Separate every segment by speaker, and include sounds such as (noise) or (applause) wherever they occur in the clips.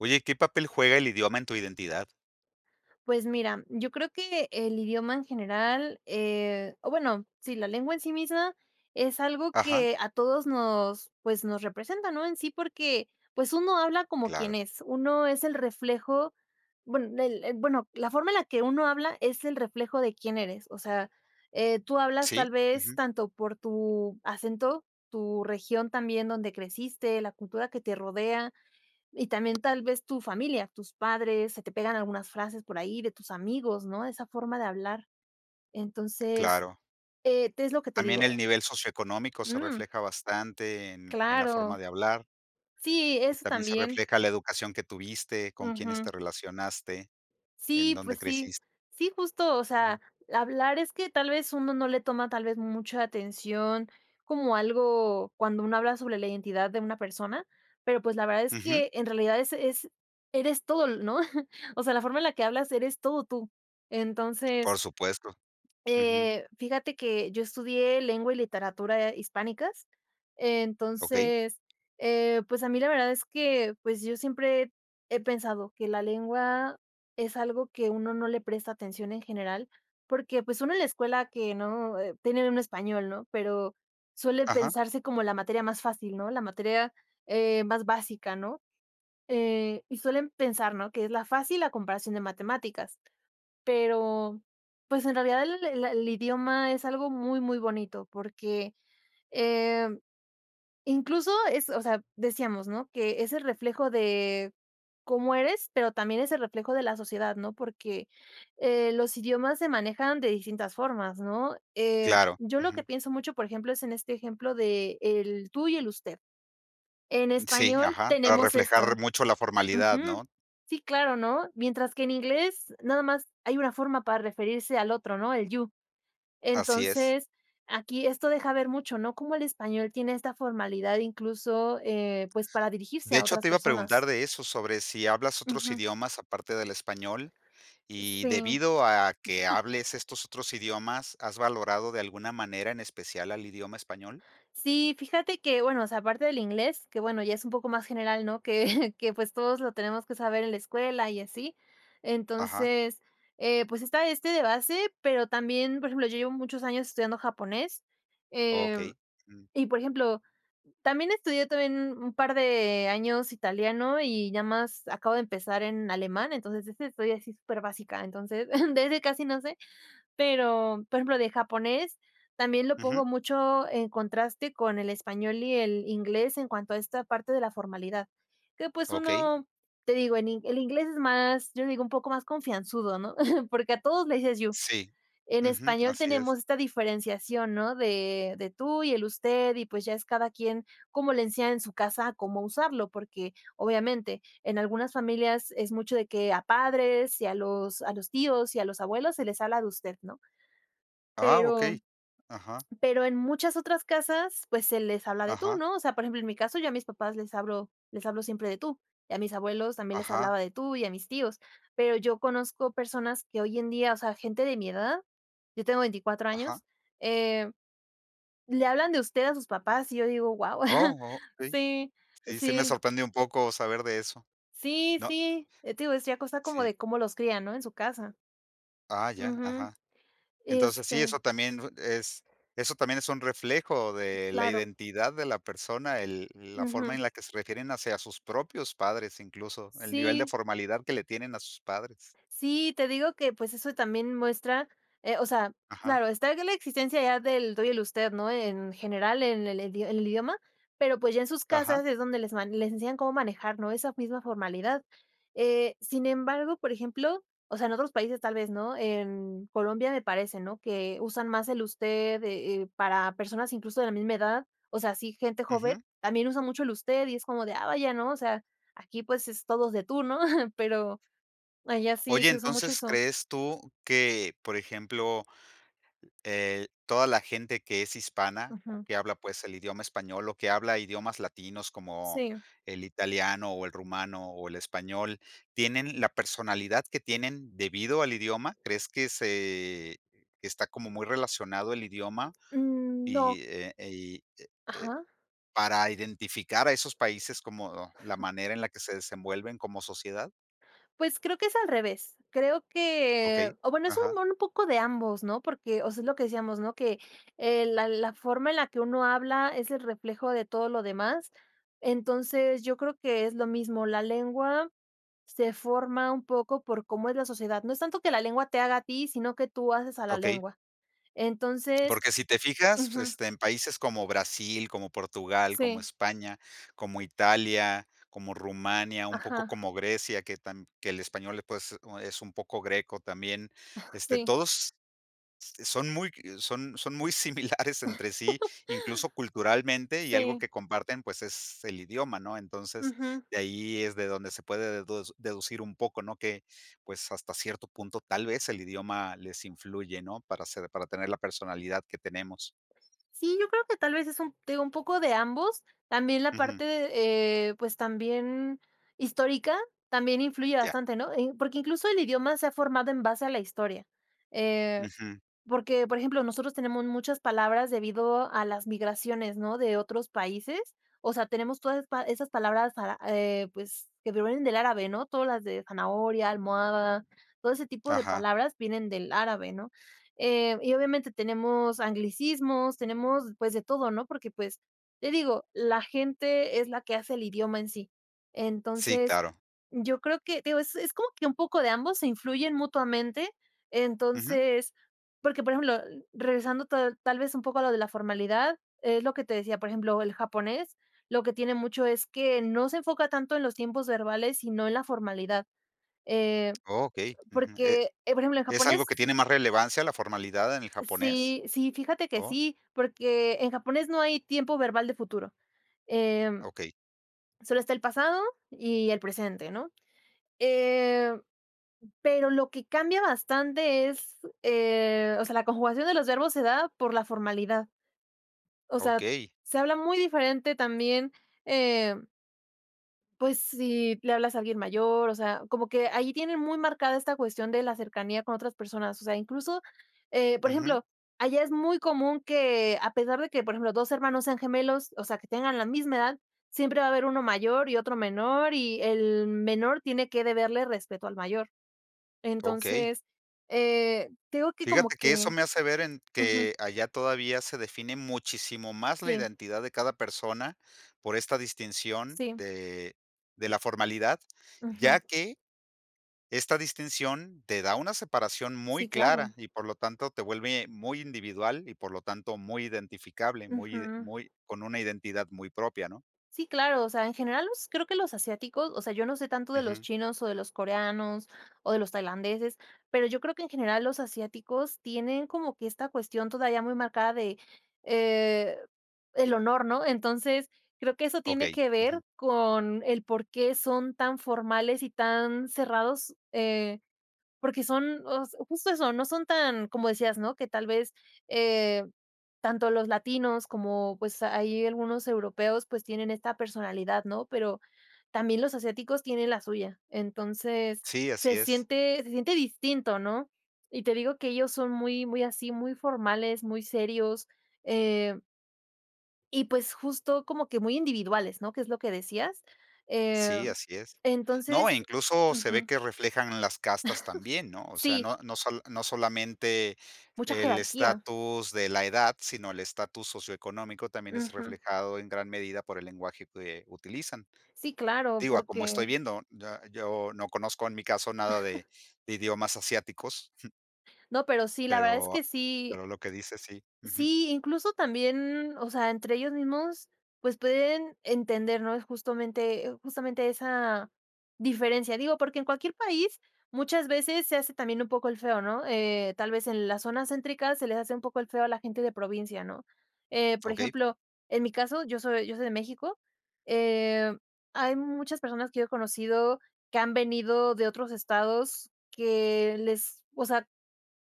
Speaker 1: Oye, ¿qué papel juega el idioma en tu identidad?
Speaker 2: Pues mira, yo creo que el idioma en general, eh, o bueno, sí, la lengua en sí misma, es algo
Speaker 1: Ajá.
Speaker 2: que a todos nos pues, nos representa, ¿no?, en sí, porque pues, uno habla como
Speaker 1: Claro.
Speaker 2: quien es. Uno es el reflejo bue el bueno, la forma en la que uno habla es el reflejo de quién eres. O sea, eh, tú hablas
Speaker 1: Sí.
Speaker 2: tal vez
Speaker 1: Ujú.
Speaker 2: tanto por tu acento, tu región también donde creciste, la cultura que te rodea, y también tal vez tu familia, tus padres, se te pegan algunas frases por ahí de tus amigos, ¿no?, de esa forma de hablar. Entonces,
Speaker 1: Claro.
Speaker 2: eh, es lo que te
Speaker 1: También el
Speaker 2: digo.
Speaker 1: nivel socioeconómico se
Speaker 2: Mm.
Speaker 1: refleja bastante en en la forma
Speaker 2: Claro.
Speaker 1: de hablar.
Speaker 2: Sí,
Speaker 1: Y
Speaker 2: eso
Speaker 1: también se
Speaker 2: también.
Speaker 1: refleja la educación que tuviste, con quiénes
Speaker 2: Ujú.
Speaker 1: te relacionaste, en
Speaker 2: Sí,
Speaker 1: dónde
Speaker 2: pues sí.
Speaker 1: creciste
Speaker 2: Sí, justo, o
Speaker 1: Ujú.
Speaker 2: sea, hablar es que tal vez uno no le toma, tal vez mucha atención, como algo cuando uno habla sobre la identidad de una persona. Pero pues, la verdad es
Speaker 1: Ujú.
Speaker 2: que en realidad es es eres todo, ¿no? (chuckles) O sea, la forma en la que hablas, eres todo tú.
Speaker 1: Por
Speaker 2: Entonces,
Speaker 1: supuesto. Ujú.
Speaker 2: eh, fíjate que yo estudié lengua y literatura hispánicas.
Speaker 1: Okey.
Speaker 2: Entonces, eh, pues, a mí la verdad es que pues yo siempre, he pensado que la lengua, es algo que uno no le presta atención en general, porque pues, uno en la escuela que no, tiene uno español, ¿no?, pero suele
Speaker 1: Ajá.
Speaker 2: pensarse como la materia más fácil, ¿no?, la materia, eh, más básica, ¿no? Eh, y suelen pensar, ¿no?, que es la fácil a comparación de matemáticas. Pero, pues en realidad el el el idioma es algo muy, muy bonito porque, eh, incluso es, o sea, decíamos, ¿no?, que es el reflejo de, cómo eres, pero también es el reflejo de la sociedad, ¿no?, porque, eh, los idiomas se manejan de distintas formas, ¿no? Eh,
Speaker 1: Claro.
Speaker 2: yo lo que
Speaker 1: Ujú.
Speaker 2: pienso mucho, por ejemplo, es en este ejemplo de el tú y el usted. En
Speaker 1: Sí,
Speaker 2: español
Speaker 1: ajá, para
Speaker 2: tenemos
Speaker 1: reflejar
Speaker 2: esto,
Speaker 1: mucho la formalidad,
Speaker 2: ujú,
Speaker 1: ¿no?
Speaker 2: sí, claro, ¿no? Mientras que en inglés nada más hay una forma para referirse al otro, ¿no?, el you.
Speaker 1: Así es.
Speaker 2: Entonces, aquí esto deja ver mucho, ¿no? Como el español tiene esta formalidad incluso, eh, pues, para dirigirse
Speaker 1: De
Speaker 2: a
Speaker 1: hecho,
Speaker 2: otras
Speaker 1: te iba a
Speaker 2: personas.
Speaker 1: preguntar de eso sobre si hablas otros
Speaker 2: Ujú.
Speaker 1: idiomas aparte del español. Y
Speaker 2: Sí.
Speaker 1: debido a que
Speaker 2: (chuckles)
Speaker 1: hables estos otros idiomas, ¿has valorado de alguna manera, en especial al idioma español?
Speaker 2: Sí, fíjate que bueno, o sea, aparte del inglés, que bueno, ya es un poco más general, ¿no?, (chuckles) que que pues todos lo tenemos que saber en la escuela, y así.
Speaker 1: Ajá.
Speaker 2: Entonces, eh, pues, está este de base, pero también, por ejemplo, yo llevo muchos años estudiando japonés, eh,
Speaker 1: Okey. Jum.
Speaker 2: y por ejemplo, también estudié también un par de años italiano y ya más acabo de empezar en alemán, entonces esa es estoy así súper básica. Entonces (chuckles) de ese casi no sé. Pero, por ejemplo, de japonés, también lo
Speaker 1: Ujú.
Speaker 2: pongo mucho en contraste con el español y el inglés, en cuanto a esta parte de la formalidad. Que pues,
Speaker 1: Okey.
Speaker 2: uno te digo el el inglés es más, yo le digo un poco más confianzudo, ¿no?, (chuckles) porque a todos le dices you.
Speaker 1: Sí,
Speaker 2: En
Speaker 1: ujú.
Speaker 2: español,
Speaker 1: Así
Speaker 2: tenemos
Speaker 1: es.
Speaker 2: esta diferenciación, ¿no?, de de tú y el usted y pues ya es cada quien como le enseñan en su casa a cómo usarlo, porque obviamente en algunas familias es mucho de que a padres, y a los a los tíos, y a los abuelos, se les habla de usted, ¿no?
Speaker 1: Ah,
Speaker 2: Pero
Speaker 1: okey. Ajá.
Speaker 2: pero en muchas otras casas, pues se les habla de tú,
Speaker 1: Ajá.
Speaker 2: ¿no? O sea, por ejemplo, en mi caso, yo a mis papás les hablo les hablo siempre de tú, y a mis abuelos también les
Speaker 1: Ajá.
Speaker 2: hablaba de tú, y a mis tíos. Pero yo conozco personas que hoy en día, o sea, gente de mi edad. Yo tengo 24
Speaker 1: Ajá.
Speaker 2: años, eh, le hablan de usted a sus papás, y yo digo: "Wao", (chuckles)
Speaker 1: Oh, okey.
Speaker 2: Sí,
Speaker 1: Sí, se me
Speaker 2: sí.
Speaker 1: sorprende un poco saber de eso,
Speaker 2: Sí,
Speaker 1: ¿no?
Speaker 2: sí, te digo decía, cosa como,
Speaker 1: Sí.
Speaker 2: de cómo los crían, ¿no?, en su casa.
Speaker 1: Ah ya,
Speaker 2: Ujú,
Speaker 1: ajá. Entonces sí,
Speaker 2: este
Speaker 1: eso también es, eso también es un reflejo de la
Speaker 2: Claro.
Speaker 1: identidad de la persona, el la forma
Speaker 2: Ujú.
Speaker 1: en la que se refieren hacia sus propios padres, incluso el nivel de
Speaker 2: Sí.
Speaker 1: formalidad que le tienen a sus padres.
Speaker 2: Sí, te digo que pues, eso también muestra, eh, o sea,
Speaker 1: Ajá.
Speaker 2: claro, está la existencia ya del tú y el usted, ¿no?, en general en el en el idioma. Pero pues, ya en sus
Speaker 1: Ajá.
Speaker 2: casas es donde les ma les enseñan cómo manejar, ¿no?, esa misma formalidad. Eh, sin embargo, por ejemplo, o sea, en otros países, tal vez no. En Colombia me parece, ¿no?, que usan más el usted, eh, para personas incluso de la misma edad. O sea, así, gente
Speaker 1: Ujú.
Speaker 2: joven, también usan mucho el usted y es como de, ah vaya, ¿no? O sea, aquí, pues es todos de tú, ¿no?, (chuckles) pero, allá sí
Speaker 1: Oye,
Speaker 2: se usa mucho
Speaker 1: entonces,
Speaker 2: eso.
Speaker 1: ¿crees tú que, por ejemplo, eh, toda la gente que es hispana o
Speaker 2: Ujú.
Speaker 1: que habla, pues, el idioma español o que habla idiomas latinos como
Speaker 2: Sí.
Speaker 1: el italiano, o el rumano o el español, tienen la personalidad que tienen debido al idioma? ¿Crees que se está como muy relacionado el idioma?
Speaker 2: Mm, no.
Speaker 1: Y, eh, y e e,
Speaker 2: Ajá.
Speaker 1: ¿para identificar a esos países como la
Speaker 2: (chuckles)
Speaker 1: manera en la que se desenvuelven como sociedad?
Speaker 2: Pues, creo que es al revés. Creo que
Speaker 1: Okey.
Speaker 2: o bueno, es un
Speaker 1: Ajá.
Speaker 2: m un poco de ambos, ¿no?, porque o sea, es lo que decíamos, ¿no?, que, eh, la la forma en la que uno habla, es el reflejo de todo lo demás. Entonces, yo creo que es lo mismo. La lengua se forma un poco por cómo es la sociedad. No es tanto que la lengua te haga a ti, sino que tú haces a la
Speaker 1: Okey.
Speaker 2: lengua. Entonces
Speaker 1: Porque si te fijas, fr
Speaker 2: Ujú.
Speaker 1: este, en países como Brasil, como Portugal, como
Speaker 2: Sí.
Speaker 1: España, como Italia, como Rumania, un poco
Speaker 2: Ajá.
Speaker 1: como Grecia, que tam que el español le pues o, es un poco greco también, este,
Speaker 2: Sí.
Speaker 1: todos, este, son muy c son son muy similares entre sí,
Speaker 2: (chuckles)
Speaker 1: incluso culturalmente, y algo
Speaker 2: Sí.
Speaker 1: que comparten, pues es el idioma, ¿no? Entonces,
Speaker 2: Ujú.
Speaker 1: de ahí es de donde se puede dedu deducir un poco, ¿no? Que, pues, hasta cierto punto, tal vez el idioma les influye, ¿no? Para ser para tener la personalidad que tenemos.
Speaker 2: Sí, yo creo que tal vez, es un te digo, un poco de ambos. También la
Speaker 1: Ujú.
Speaker 2: parte, de, eh, pues, también histórica, también influye
Speaker 1: Ya.
Speaker 2: bastante, ¿no?, eh, porque, incluso, el idioma se ha formado en base a la historia, eh,
Speaker 1: Ujú.
Speaker 2: porque, por ejemplo, nosotros tenemos muchas palabras debido a las migraciones, ¿no?, de otros países. O sea, tenemos todas esas pa esas palabras para, eh, pues, que provienen del árabe, ¿no?, todas las de zanahoria, almohada. Todo ese tipo de
Speaker 1: Ajá.
Speaker 2: palabras vienen del árabe, ¿no?, eh, y obviamente tenemos anglicismos, tenemos, pues de todo, ¿no?, porque, pues, te digo, la gente es la que hace el idioma en sí.
Speaker 1: Sí,
Speaker 2: Entonces,
Speaker 1: claro.
Speaker 2: yo creo que, digo, es es como que un poco de ambos, se influyen mutuamente.
Speaker 1: Ujú.
Speaker 2: Entonces Porque, por ejemplo, regresando to tal vez un poco a lo de la formalidad, es lo que te decía, por ejemplo, el japonés lo que tiene mucho, es que no se enfoca tanto en los tiempos verbales, sino en la formalidad, eh,
Speaker 1: Okey, ujú, eh
Speaker 2: porque, eh, por ejemplo, en
Speaker 1: ¿es algo
Speaker 2: japonés.
Speaker 1: que tiene más relevancia?, ¿la formalidad en el japonés?
Speaker 2: Sí, sí. Fíjate que
Speaker 1: O
Speaker 2: sí, porque en japonés no hay tiempo verbal de futuro,
Speaker 1: Ah,
Speaker 2: em,
Speaker 1: okey.
Speaker 2: sólo está el pasado y el presente, ¿no?, eh, pero lo que cambia bastante es, eh, o sea, la conjugación de los verbos se da por la formalidad. O sea,
Speaker 1: Okey.
Speaker 2: se habla muy diferente también, em Pues si, le hablas a alguien mayor, o sea, como que allí tienen muy marcada esta cuestión de la cercanía con otras personas. O sea, incluso, eh, por
Speaker 1: Ujú.
Speaker 2: ejemplo, allá es muy común que a pesar de que por ejemplo 2 hermanos sean gemelos, o sea, que tengan la misma edad, siempre va a haber uno mayor y otro menor, y el menor tiene que deberle respeto al mayor.
Speaker 1: Okey.
Speaker 2: Entonces, eh, tengo que como
Speaker 1: Fíjate que eso
Speaker 2: que
Speaker 1: me hace ver en
Speaker 2: Ujú.
Speaker 1: que allá todavía se define muchísimo más la
Speaker 2: Sí.
Speaker 1: identidad de cada persona por esta distinción
Speaker 2: Sí.
Speaker 1: de de la formalidad, ya
Speaker 2: Ujú.
Speaker 1: que, esta distinción te da una separación muy
Speaker 2: Sí, claro.
Speaker 1: clara y por lo tanto, te vuelve muy individual y por lo tanto, muy identificable, muy ide
Speaker 2: Ujú.
Speaker 1: muy con una identidad muy propia, ¿no?
Speaker 2: Sí, claro. O sea, en general los creo que los asiáticos, o sea, yo no sé tanto de los
Speaker 1: Ujú.
Speaker 2: chinos o de los coreanos o de los tailandeses, pero yo creo que en general los asiáticos tienen como que esta cuestión todavía muy marcada de, eh, el honor, ¿no? Entonces, creo que eso tiene
Speaker 1: Okey,
Speaker 2: que
Speaker 1: ujú.
Speaker 2: ver con el porqué son tan formales y tan cerrados, eh, porque son os justo eso. No son tan como decías ¿no? Que tal vez, eh, tanto los latinos como pues, ahí algunos europeos, pues, tienen esta personalidad, ¿no?, pero también los asiáticos tienen la suya. Entonces,
Speaker 1: Sí,
Speaker 2: se
Speaker 1: así es.
Speaker 2: siente se siente distinto, ¿no? Y te digo que ellos son muy muy así, muy formales, muy serios, eh. Y, pues, justo como que muy individuales, ¿no? Que es lo que decías,
Speaker 1: Sí,
Speaker 2: em,
Speaker 1: así es. No, e
Speaker 2: entonces
Speaker 1: incluso se ve
Speaker 2: Ujú.
Speaker 1: que reflejan las castas también, ¿no?
Speaker 2: (laughs)
Speaker 1: O sea,
Speaker 2: Sí.
Speaker 1: no no solo no solamente
Speaker 2: Mucha
Speaker 1: el
Speaker 2: jerarquía.
Speaker 1: estatus de la edad, sino el estatus socioeconómico, también es
Speaker 2: Ujú.
Speaker 1: reflejado en gran medida por el lenguaje que, eh, utilizan.
Speaker 2: Sí, claro,
Speaker 1: Digo, a como estoy
Speaker 2: porque
Speaker 1: viendo, ya yo no conozco en mi caso nada de
Speaker 2: (chuckles)
Speaker 1: de idiomas asiáticos (chuckles)
Speaker 2: No, pero sí, la verdad es
Speaker 1: pero,
Speaker 2: que sí
Speaker 1: pero lo que dices, sí. Ujú.
Speaker 2: Sí, incluso también, mm, o sea, entre ellos mismos, pues pueden entender ¿no?, es justamente justamente esa diferencia. Digo, porque en cualquier país, muchas veces se hace también un poco el feo, ¿no? Eh, tal vez, en la zona céntricas se les hace un poco el feo a la gente de provincia, ¿no? Eh, por
Speaker 1: Okey.
Speaker 2: ejemplo, en mi caso, yo soy yo soy de México. Em, hay muchas personas que yo he conocido que han venido de otros estados, que les o sea,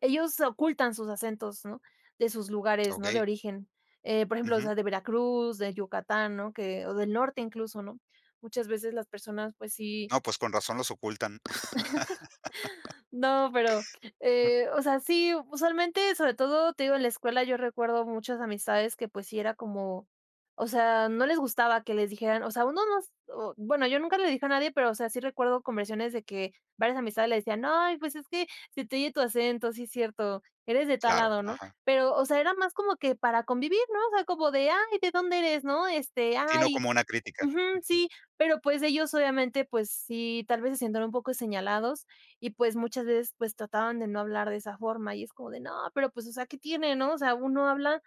Speaker 2: ellos ocultan sus acentos, ¿no?, de sus lugares, ¿no?, de
Speaker 1: Okey.
Speaker 2: origen. Eh, por ejemplo, o
Speaker 1: Ujú.
Speaker 2: sea de Veracruz, de Yucatán, ¿no?, que o del norte, incluso, ¿no?, muchas veces las personas, pues sí
Speaker 1: No, pues, con razón los ocultan.
Speaker 2: (chuckles)
Speaker 1: (laughs)
Speaker 2: No, pero, eh, o sea, sí, usualmente, sobre todo Te digo, en la escuela, yo recuerdo muchas amistades que pues sí era como, o sea, no les gustaba que les dijeran O sea, uno no s O Bueno, yo nunca le dije a nadie, pero o sea, sí recuerdo conversiones de que varias amistades le decían: "No, pues, es que se te oye tu acento, sí, cierto. Eres de tal
Speaker 1: Claro,
Speaker 2: lado, ¿no?",
Speaker 1: ajá.
Speaker 2: pero, o sea, era más como que para convivir, ¿no? O sea, como de, ay, ¿de dónde eres? No este,
Speaker 1: Sí, no
Speaker 2: ay
Speaker 1: como una crítica.
Speaker 2: Ujú,
Speaker 1: Ujú.
Speaker 2: sí. Pero pues ellos obviamente pues sí, tal vez se sentían un poco señalados y pues, muchas veces, pues trataban de no hablar de esa forma y es como de no, pero pues, o sea, ¿qué tiene?, ¿no? O sea, uno habla,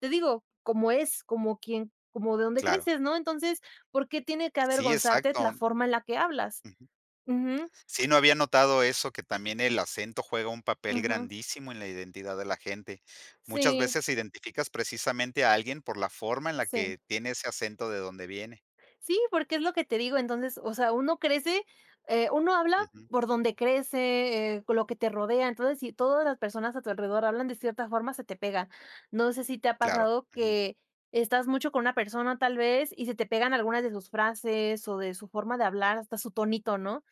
Speaker 2: te digo, como es, como quien como de dónde
Speaker 1: Claro.
Speaker 2: creces, ¿no? Entonces, ¿por qué tiene que
Speaker 1: Sí,
Speaker 2: avergonzarte
Speaker 1: exacto.
Speaker 2: la forma en la que hablas?
Speaker 1: Ujú.
Speaker 2: Ujú.
Speaker 1: Sí, no había notado eso, que también el acento juega un papel
Speaker 2: Ujú.
Speaker 1: grandísimo en la identidad de la gente. Muchas
Speaker 2: Sí.
Speaker 1: veces identificas precisamente a alguien por la forma en la
Speaker 2: Sí.
Speaker 1: que tiene ese acento de donde viene.
Speaker 2: Sí, porque es lo que te digo. Entonces, o sea, uno crece, eh, uno habla
Speaker 1: Ujú.
Speaker 2: por donde crece, eh, con lo que te rodea. Entonces si todas las personas a tu alrededor hablan de cierta forma, se te pega. No sé si te ha
Speaker 1: Claro,
Speaker 2: pasado
Speaker 1: ujú.
Speaker 2: que estás mucho con una persona tal vez y se te pegan algunas de sus frases o de su forma de hablar, hasta su tonito, ¿no?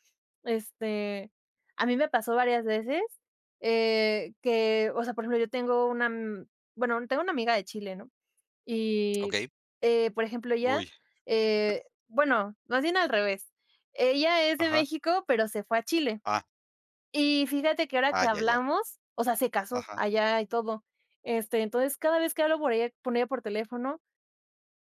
Speaker 2: Este, a mí me pasó varias veces, eh, que, o sea, por ejemplo, yo tengo una, mm, bueno, tengo una amiga de Chile, ¿no? Y,
Speaker 1: Okey.
Speaker 2: eh por ejemplo, ella,
Speaker 1: Uy. (chuckles)
Speaker 2: eh, bueno, más bien al revés. Ella es de
Speaker 1: Ajá.
Speaker 2: México, pero se fue a Chile
Speaker 1: Ah.
Speaker 2: y fíjate que ahora que
Speaker 1: Ah, ya, ya.
Speaker 2: hablamos, o sea se casó
Speaker 1: Ajá.
Speaker 2: allá y todo, este, entonces cada vez que hablo por ella con ella por teléfono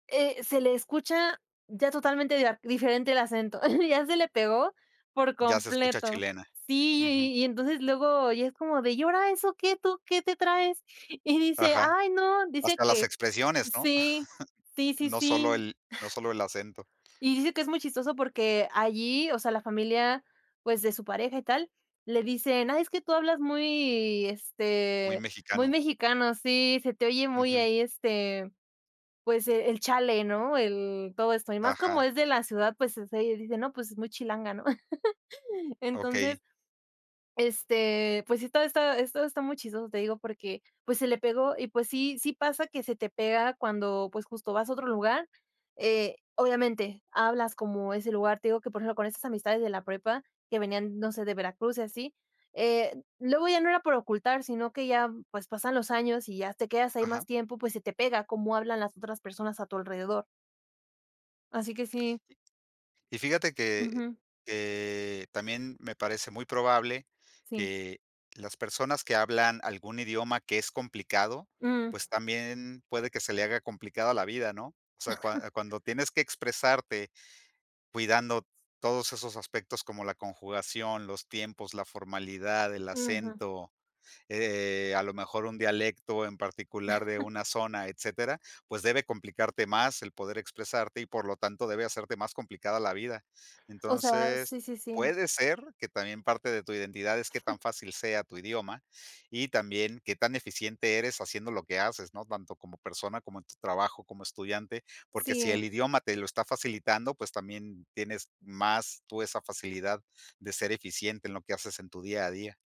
Speaker 2: eh, se le escucha ya totalmente dia diferente, el acento (chuckles) ya se le pegó por
Speaker 1: Ya se escucha
Speaker 2: completo.
Speaker 1: chilena.
Speaker 2: Sí
Speaker 1: Ujú.
Speaker 2: y y y entonces luego y es como de, y ahora eso, ¿qué tú, qué te traes? Y dice:
Speaker 1: Ajá.
Speaker 2: "Ay, no. Dice
Speaker 1: Hasta las
Speaker 2: que".
Speaker 1: expresiones, ¿no?
Speaker 2: Sí.
Speaker 1: (chuckles)
Speaker 2: Sí, sí,
Speaker 1: No solo
Speaker 2: sí. (chuckles)
Speaker 1: el no solo el acento.
Speaker 2: Y dice que es muy chistoso, porque allí o sea, la familia, pues, de su pareja y tal le dicen: "Ay, es que tú hablas muy,
Speaker 1: Muy
Speaker 2: este, muy
Speaker 1: mexicano.
Speaker 2: mexicano. Sí, se te oye muy
Speaker 1: Ujú.
Speaker 2: ahí, este, pues, eh, el chale", ¿no? El todo esto, y más como
Speaker 1: Ajá.
Speaker 2: es de la ciudad, pues, dice, ¿no?, pues, es muy chilanga, ¿no? (chuckles)
Speaker 1: Okey.
Speaker 2: Entonces, este, pues sí, todavía está está esto está muy chistoso, te digo, porque pues se le pegó y pues sí sí, pasa que se te pega cuando pues justo vas a otro lugar, eh, obviamente hablas como ese lugar. Te digo, que por ejemplo, con estas amistades de la prepa que venían, no sé, de Veracruz y así, eh, luego ya no era por ocultar, sino que ya pues pasan los años y ya te quedas ahí más
Speaker 1: Ajá.
Speaker 2: tiempo, pues se te pega como hablan las otras personas a tu alrededor. Así que sí.
Speaker 1: Y y fíjate que
Speaker 2: Ujú.
Speaker 1: que también me parece muy probable,
Speaker 2: Sí.
Speaker 1: que las personas que hablan algún idioma que es complicado,
Speaker 2: Mm.
Speaker 1: pues, también, puede que se le haga complicado la vida, ¿no? O sea, cuan
Speaker 2: (chuckles)
Speaker 1: cuando tienes que expresarte cuidando todos esos aspectos como la conjugación, los tiempos, la formalidad, el
Speaker 2: Ujú.
Speaker 1: acento, eh, a lo mejor un dialecto en particular de
Speaker 2: (chuckles)
Speaker 1: una zona, etcétera, pues, debe complicarte más el poder expresarte, y por lo tanto, debe hacerte más complicada la vida.
Speaker 2: O sea,
Speaker 1: Entonces,
Speaker 2: sí, sí, sí.
Speaker 1: puede ser que también parte de tu identidad es qué tan
Speaker 2: (chuckles)
Speaker 1: fácil sea tu idioma, y también qué tan eficiente eres haciendo lo que haces, ¿no?, tanto como persona, como en tu trabajo, como estudiante, porque si
Speaker 2: Sí.
Speaker 1: el idioma te lo está facilitando, pues, también, tienes más tú esa facilidad de ser eficiente en lo que haces en tu día a día.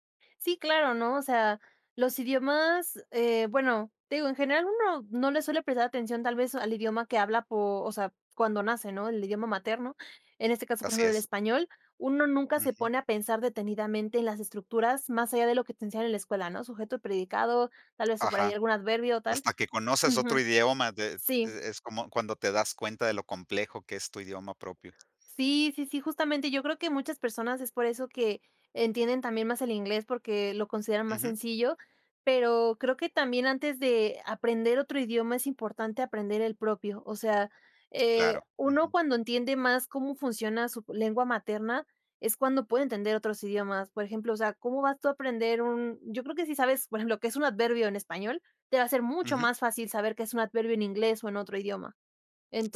Speaker 2: Sí, claro, ¿no? O sea, los idiomas eh, bueno, te digo en general uno, no le suele prestar atención tal vez, al idioma que habla po o sea, cuando nace, ¿no? el idioma materno. En este caso, por
Speaker 1: Así
Speaker 2: ejemplo, el
Speaker 1: es.
Speaker 2: español, uno nunca se
Speaker 1: Ujú.
Speaker 2: pone a pensar detenidamente en las estructuras más allá de lo que te enseñan en la escuela, ¿no?, sujeto, predicado, tal vez sí por ahí
Speaker 1: Ajá,
Speaker 2: algún adverbio o tal.
Speaker 1: hasta que conoces otro
Speaker 2: Ujú,
Speaker 1: idioma de
Speaker 2: sí.
Speaker 1: e es como cuando te das cuenta de lo complejo que es tu idioma propio.
Speaker 2: Sí, sí, sí, justamente yo creo que muchas personas es por eso que, entienden también más el inglés, porque lo consideran más
Speaker 1: Ujú.
Speaker 2: sencillo. Pero, creo que también antes de aprender otro idioma, es importante aprender el propio. O sea, eh,
Speaker 1: Claro,
Speaker 2: uno
Speaker 1: ujú.
Speaker 2: cuando entiende más cómo funciona su lengua materna, es cuando puede entender otros idiomas. Por ejemplo, o sea, cómo vas tú a aprender un yo creo que si sabes, por ejemplo, qué es un adverbio en español, te va a ser mucho
Speaker 1: Ujú.
Speaker 2: más fácil saber qué es un adverbio en inglés, o en otro idioma.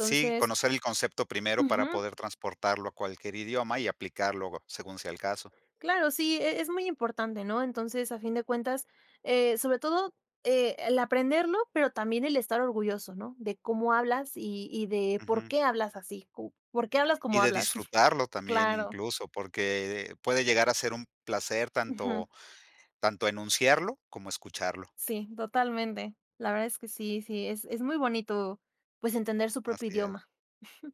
Speaker 1: Sí, conocer el concepto primero para
Speaker 2: Ujú.
Speaker 1: poder transportarlo a cualquier idioma y aplicar luego, según sea el caso.
Speaker 2: Claro. Sí, e es muy importante, ¿no? Entonces, a fin de cuentas, eh, sobre todo, eh, el aprenderlo, pero también el estar orgulloso, ¿no?, de cómo hablas y y de
Speaker 1: Ujú.
Speaker 2: porqué hablas así, cu ¿por qué hablas
Speaker 1: Y
Speaker 2: como
Speaker 1: de
Speaker 2: hablas? (chuckles)
Speaker 1: disfrutarlo también,
Speaker 2: Claro.
Speaker 1: incluso, porque, eh, puede llegar a ser un placer
Speaker 2: Ujú.
Speaker 1: tanto tanto enunciarlo como escucharlo.
Speaker 2: Sí, totalmente. La verdad es que sí, sí, es es muy bonito, pues, entender su propio
Speaker 1: Así es.
Speaker 2: idioma. (chuckles)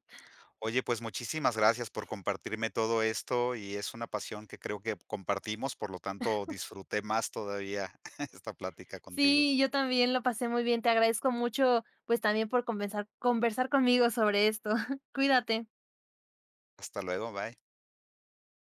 Speaker 1: Oye, pues, muchísimas gracias por compartirme todo esto, y es una pasión que creo que compartimos, por lo tanto,
Speaker 2: (chuckles)
Speaker 1: disfruté más todavía (chuckles) esta plática contigo.
Speaker 2: Sí, yo también lo pasé muy bien. Te agradezco mucho, pues, también por convesar conversar conmigo sobre esto. (chuckles) Cuídate.
Speaker 1: Hasta luego, bye.